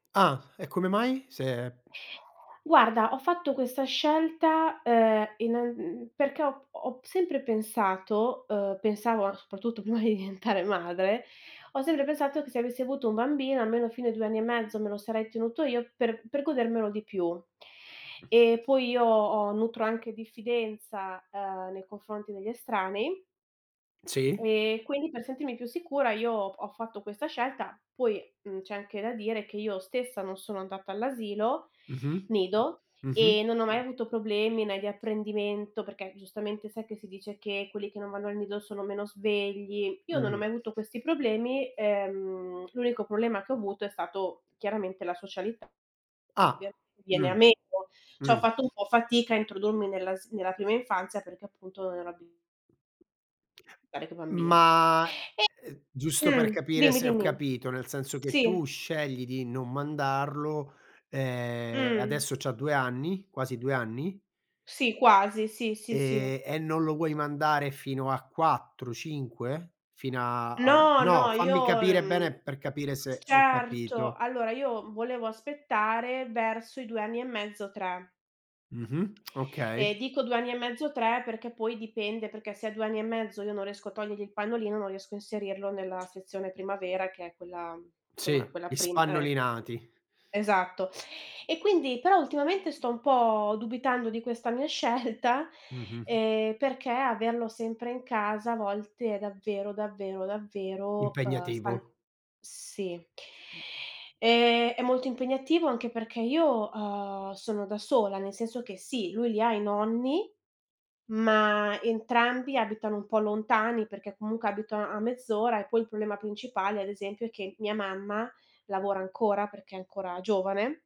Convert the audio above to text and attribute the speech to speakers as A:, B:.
A: Ah, e come mai? Se
B: Guarda, ho fatto questa scelta, uhm, innann perché ho ho sempre pensato, uhm, pensavo soprattutto prima di diventare madre, ho sempre pensato, che se avessi avuto un bambino, almeno fino ai 2 anni e mezzo me lo sarei tenuto io, per per godermelo di più. E poi io ho nutro anche diffidenza, ehm, nei confronti degli estranei
A: Sì.
B: e quindi per sentirmi più sicura io p ho fatto questa scelta. Poi, mhmm, c'è anche da dire che io stessa, non sono andata all'asilo
A: Mh-mh.
B: nido,
A: Mh-mh.
B: e non ho mai avuto problemi né di apprendimento perché giustamente sai che si dice che quelli che non vanno al nido sono meno svegli; io non ho
A: Mh-mh.
B: mai avuto questi problemi, ehm, l'unico problema che ho avuto, è stato chiaramente la socialità
A: Ah.
B: [unintelligible] viene
A: Mh.
B: a meno. Cioè ho
A: Mh.
B: fatto un po' fatica a introdurmi nella s prima infanzia, perché appunto non ero abi [unintelligible] coi bambini.
A: Ma, ehm,
B: E
A: giusto per
B: mh,
A: capire
B: dimmi,
A: se ho
B: dimmi.
A: capito, nel senso che,
B: Sì.
A: tu scegli di non mandarlo, ehm, e
B: Mh.
A: adesso c'ha 2 anni quasi 2 anni?
B: Sì, quasi, sì, sì, sì.
A: E e non lo vuoi mandare fino a 4, 5? Fin a al
B: No,
A: no,
B: no io
A: fammi capire
B: mhmm,
A: bene, per capire se ho
B: certo;
A: capito.
B: allora, io volevo aspettare verso i 2 anni e mezzo, 3.
A: Mh-mh
B: E
A: okay.
B: dico 2 anni e mezzo, 3, perché poi dipende, perché se a 2 anni e mezzo, io non riesco a togliergli il pannolino, non riesco a inserirlo nella sezione primavera che è quella, insomma,
A: Sì,
B: quella
A: gli
B: prim eh.
A: spannolinati.
B: Esatto. E quindi però ultimamente, sto un po' dubitando di questa mia scelta,
A: Mh-mh.
B: ehm, perché averlo sempre in casa, a volte è davvero, davvero, davvero, ehm, stan
A: Impegnativo.
B: sì.
A: Mh.
B: Ehm, è molto impegnativo, anche perché io, uhm, sono da sola, nel senso che sì, lui li ha i nonni, ma entrambi abitano un po' lontani, perché comunque abitano a mezz'ora, e poi il problema principale, ad esempio, è che mia mamma lavora ancora, perché è ancora giovane